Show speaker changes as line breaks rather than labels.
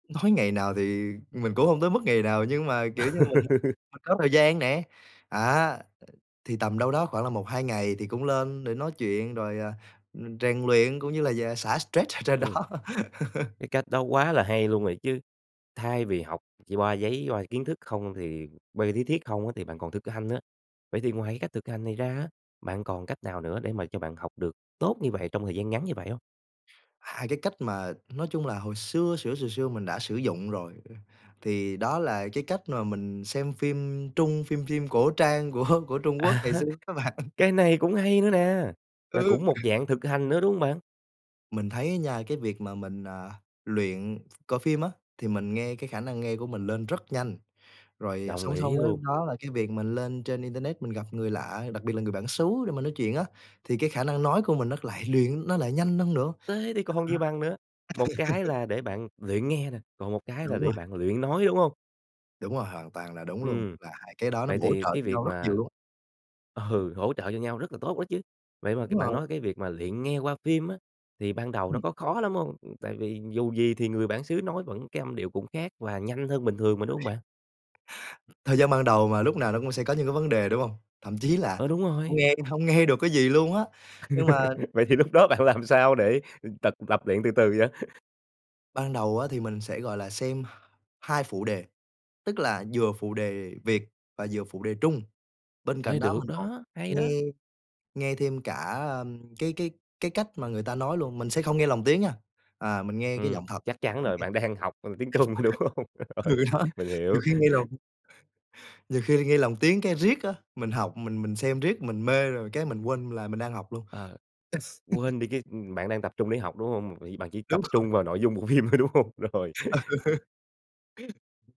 Nói ngày nào thì mình cũng hông tới mức ngày nào nhưng mà, kiểu như, mình mà có thời gian nè, à, thì tầm đâu đó khoảng là 1-2 ngày thì cũng lên để nói chuyện rồi, à, ừm, rèn luyện cũng như là giả xả stress ở trên đó.
Ôi! Cái cách đó quá là hay luôn rồi chứ! Thay vì học chi qua giấy qua kiến thức không thì qua lý thuyết không á thì bạn còn thực hanh nữa. Vậy thì ngoài cái cách thực hành này ra á, bạn còn cách nào nữa để mà cho bạn học được tốt như vậy trong thời gian ngắn như vậy hông?
2 cái cách mà nói chung là hồi xưa xửa xừa xưa mình đã sử dụng rồi, ơ, thì đó là cái cách mà mình xem phim Trung, phim phim cổ trang của của Trung
À
Quốc ngày
ha.
xưa á bạn.
Cái này cũng hay nữa nè, là
Ừ.
cũng một dạng thực hành nữa, đúng hông bạn?
Mình thấy á nha cái việc mà mình, à, luyện coi phim á, thì mình nghe cái khả năng nghe của mình lên rất nhanh. Rồi, ờ,
Đồng
song song
ý
với
luôn.
đó là cái việc mình lên trên internet mình gặp người lạ, đặc biệt là người bản xứ để mình nói chuyện á, thì cái khả năng nói của mình nó lại luyện nó lại nhanh hơn nữa.
Thế thì còn gì
[unintelligible]
bằng nữa, một cái là để bạn luyện nghe nè, còn một cái là
Đúng rồi!
để bạn luyện nói, đúng hông?
Đúng rồi, hoàn toàn là đúng luôn,
Ừm.
và 2 cái đó nó
Vậy
bổ
thì
trợ
cái
cho nhau
việc
rất nhiều
mà
luôn.
ừ, hỗ trợ cho nhau rất là tốt đó chứ. Vậy mà c
Đúng
bạn
rồi.
nói cái việc mà luyện nghe qua phim á thì ban đầu nó
Ừm.
có khó lắm hông? Ừm, tại vì dù gì thì người bản xứ nói vẫn cái âm điệu cũng khác và nhanh hơn bình thường mà, đúng hông bạn?
Thời gian ban đầu mà lúc nào nó cũng sẽ có những cái vấn đề, đúng hông? Thậm chí là
Ờ, đúng
hông
rồi.
nghe hông nghe được cái gì luôn á, nhưng mà
Vậy thì lúc đó bạn làm sao để, ừm, tật tập luyện từ từ vậy?
Ban đầu á thì mình sẽ, gọi là, xem 2 phụ đề, tức là vừa phụ đề Việt và vừa phụ đề Trung. Bên cạnh
Ê,
đó
được
mình còn
đó! Hay đó!
nghe nghe thêm cả, ơm, cái cái cái cách mà người ta nói luôn. Mình sẽ không nghe lồng tiếng nha, à mình nghe cái
Ừm.
giọng thật.
Chắc chắn rồi, bạn đang học, ừm, tiếng Trung, đúng
[unintelligible]
hông? Rồi.
Ừ, đó.
Mình hiểu.
Nhiều khi nghe lồng nhiều khi nghe lòng tiếng cái riết á mình học mình mình xem riết mình mê rồi cái mình quên là mình đang học luôn. S
Ờ. Quên đi cái, ừm, bạn đang tập trung để học, đúng hông? Vì bạn chỉ tập
Đúng rồi.
trung vào nội dung bộ phim thôi, đúng hông? Rồi.
Ừ.